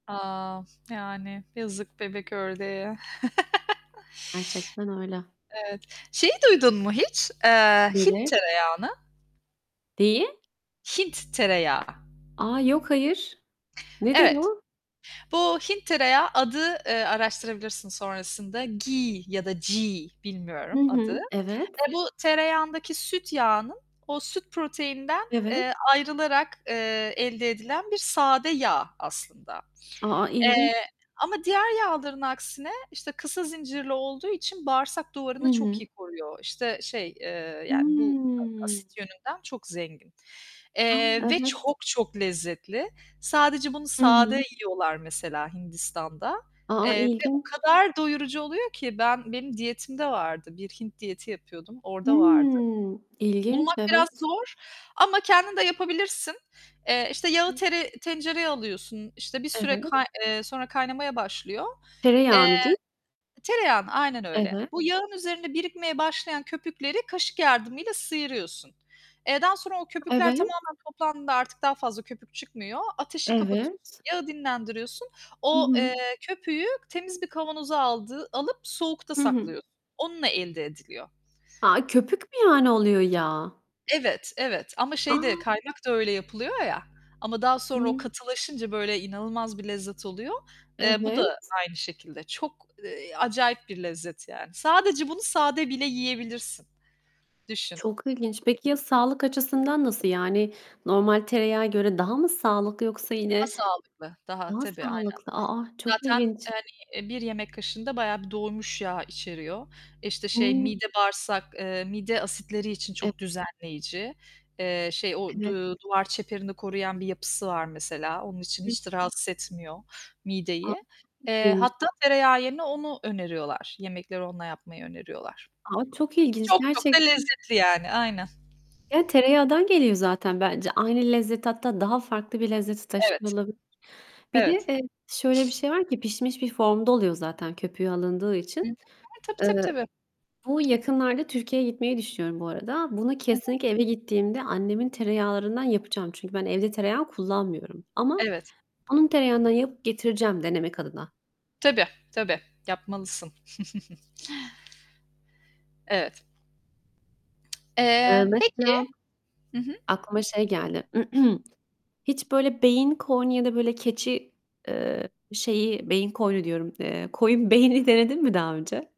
A! Yani. Yazık bebek ördeğe. Gerçekten öyle. Evet. Şeyi duydun mu hiç? Eee, Hint Nedir? tereyağını. Deyi Hint tereyağı. A. Yok, hayır. Nedir Evet. o? Bu Hint tereyağı adı, ııı, araştırabilirsin sonrasında, मक्खन ya da Gee, Hı bilmiyorum adı. hı. Evet? Eee, bu tereyağındaki süt yağının, o süt proteininden, Evet. eee, ayrılarak, eee, elde edilen bir sade yağ aslında. A, a, ilginç. Eee, ama diğer yağların aksine, işte, kısa zincirli olduğu için bağırsak Hı duvarını çok hı. iyi koruyor. İşte, şey, eee, yani bu a Hımm. asit yönünden çok zengin. A, Eee, ve evet. çok çok lezzetli. Sadece bunu Hı sade hı. yiyorlar, mesela, Hindistan'da. A, a, Eee, ve o ilginç. kadar doyurucu oluyor ki ben benim diyetimde vardı. Bir Hint diyeti yapıyordum, orada vardı. Hımm. İlginç, Bulmak biraz evet. zor ama kendin de yapabilirsin. Eee, işte, yağı tere tencereye alıyorsun. İşte, bir süre Evet. kay eee, sonra kaynamaya başlıyor. Eee Tereyağını, di Tereyağını aynen öyle. Evet. Bu yağın üzerinde birikmeye başlayan köpükleri kaşık yardımıyla sıyırıyorsun. Eee, daha sonra o köpükler Evet. tamamen toplandığında, artık daha fazla köpük çıkmıyor. Ateşi kapatıyorsun, Evet yağı dinlendiriyorsun, Hı o, hı. eee, köpüğü temiz bir kavanoza aldığı alıp, soğukta Hı hı. saklıyorsun. Onunla elde ediliyor. A, köpük mü, yani, oluyor yağ? Evet, evet ama şey de, A! kaynak da öyle yapılıyor ya ama daha Hı sonra o hı. katılaşınca, böyle inanılmaz bir lezzet oluyor. Eee, bu da Evet? aynı şekilde. Çok, eee, acayip bir lezzet yani. Sadece bunu sade bile yiyebilirsin. Düşün. Çok ilginç. Peki, ya, sağlık açısından nasıl? Yani normal tereyağa göre daha mı sağlık yoksa Daha yine sağlıklı, daha, Daha tabii, aynen. sağlıklı. A, a, çok Zaten, e, ilginç. hani bir yemek kaşığında bayağı bir doymuş yağ içeriyor. İşte, şey, Hıı. mide bağırsak, eee, mide asitleri için E çok düzenleyici. Eee, şey, o Evet. du duvar çeperini koruyan bir yapısı var mesela. Onun için Hı. hiç de rahatsız etmiyor A, çok mideyi. Eee, ilginç. hatta tereyağı yerine onu öneriyorlar. Yemekleri onunla yapmayı öneriyorlar. A! Çok ilginç. Çok çok da Gerçekten lezzetli yani. Aynen. Ya, tereyağından geliyor zaten bence. Aynı lezzeti hatta daha farklı bir lezzeti Evet. taşıyor olabilir. Bir de, Evet. eee, şöyle bir şey var ki pişmiş bir formda oluyor zaten köpüğü alındığı Hı hı. için. [unintelligible] Tabii, tabii, Iıı, tabii. bu yakınlarda Türkiye'ye gitmeyi düşünüyorum bu arada. Bunu, Hı hı. kesinlikle eve gittiğimde annemin tereyağlarından yapacağım. Çünkü ben evde tereyağı kullanmıyorum ama Evet. onun tereyağından yapıp getireceğim denemek adına. Tabii. Tabii. Yapmalısın. Evet. Iıı, Eee, peki mesela, Hı hı. aklıma şey geldi. Hiç böyle beyin, koyun ya da böyle keçi, eee, şeyi, "beyin koyunu" diyorum, eee, "koyun beyni" denedin mi daha önce?